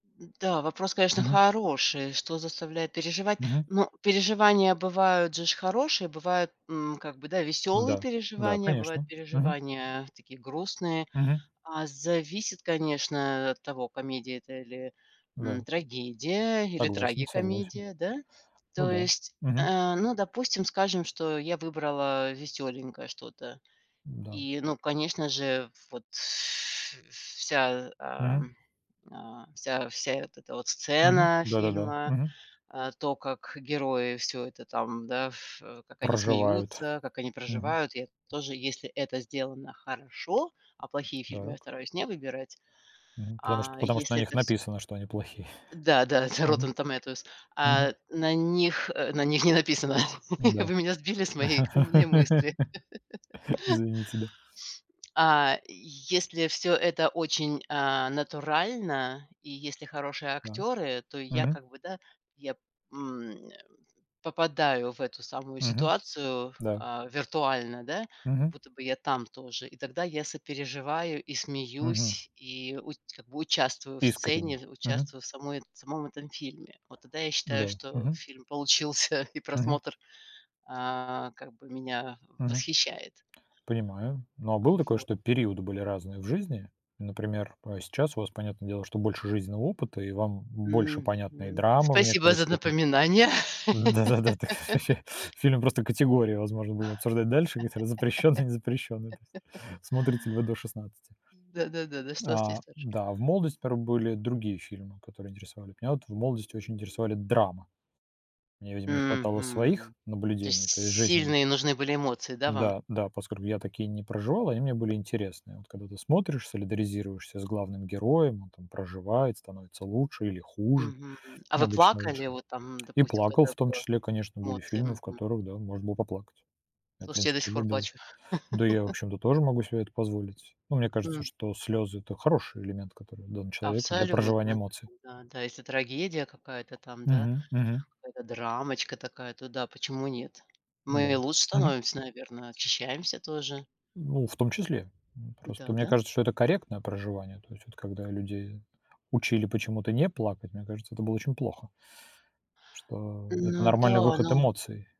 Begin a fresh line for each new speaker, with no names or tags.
М, да, вопрос, конечно,
Мгм.
хороший, что заставляет переживать,
Мгм.
но переживания бывают же ж хорошие, бывают, м, как бы, да, веселые
М-да, да,
переживания, бывают
конечно, мгм.
переживания, э, такие грустные,
Мгм.
а, зависит конечно, э, от того комедия это или, м,
Да.
трагедия или
Согласен, согласен.
трагикомедия, да?
Ну
То
да,
есть,
мгм.
э, ну допустим скажем, что я выбрала, э, веселенькое что-то
М-да.
и ну конечно же вот ф вся,
Мгм.
эм, э, вся вся вот эта вот
Мгм.
сцена
Да-да-да.
фильма,
Мгм.
а то как герои, всё это там, да, ф как они
Проживают.
смеются, как они
Мгм.
проживают я тоже если это сделано хорошо, а плохие фильмы я
Дак.
стараюсь не выбирать.
Мгм, потому
А
что потому что на
если
них
это всё
написано, что они плохие.
Да, да это
Мгм.
Rotten Tomatoes,
Мгм.
а, на них, э, на них не написано.
М-да.
Вы меня сбили с моей умной мысли.
Извините, да.
А, если всё это очень, а, натурально и если хорошие
Так.
актеры, то я
Мгм.
как бы, да, я, м, э, попадаю в эту самую
Мгм.
ситуацию,
Да.
а, виртуально, да, как
Мгм.
будто бы я там тоже, и тогда я сопереживаю, и
Мгм.
смеюсь, и уч как бы участвую в
Искренне,
сцене, в
мгм.
участвую в самой в самом этом фильме. Вот тогда я считаю,
Да.
что
Мгм.
фильм получился и
Мгм.
просмотр, а, как бы меня
Мгм.
восхищает.
Понимаю, но а было
А
такое,
вот.
что периоды были разные в жизни, например, э, сейчас у вас, понятное дело, что больше жизненного опыта и вам б больше понятны и
Мгм.
драма в
Спасибо
некоторой
за
степени.
напоминание!
Да-да-да, так это ж ваще фильм просто категории, возможно, будем обсуждать дальше, они там запрещенные, не запрещенные, то есть смотрите ли вы до 16?
Да, да, да, да что с
А,
листоч
да, а в молодости, порой, были другие фильмы, которые интересовали. Меня в молодости очень интересовали драма. Мне, видимо, не хватало своих
Мгм. То есть
наблюдений, то есть жизненных.
сильные нужны были эмоции, да, вам?
Да, да, поскольку я такие не проживал, они мне были интересные. Вот как бы ты смотришь, солидаризируешься с главным героем, он там проживает, становится лучше или хуже,
Мгм. А
ну
вы
обычно лучше.
плакали, вот там,
И
допустим,
плакал
когда там
в том
было
числе, конечно, были
эмоции?
фильмы, в
Мгм.
которых, да, можно было поплакать. Я, в
Слушайте, я
принципе,
до сих пор
любил.
плачу.
Да, я, в общем-то, тоже могу себе это позволить. Ну мне кажется,
М.
что слёзы это хороший элемент, который дан человеку для проживания
Абсолютно, да,
эмоций.
да, да, если трагедия какая-то там, да,
Мгм, мгм.
какая-то драмочка такая, то да, почему нет?
Да,
Мы лучше
мгм.
становимся, наверно, очищаемся тоже.
Ну в том числе. М, просто
Да,
мне
да.
кажется, что это корректное проживание, то есть вот когда людей учили почему-то не плакать, мне кажется, это было очень плохо что это
Ну
нормальный
да,
выход
ну.
эмоций.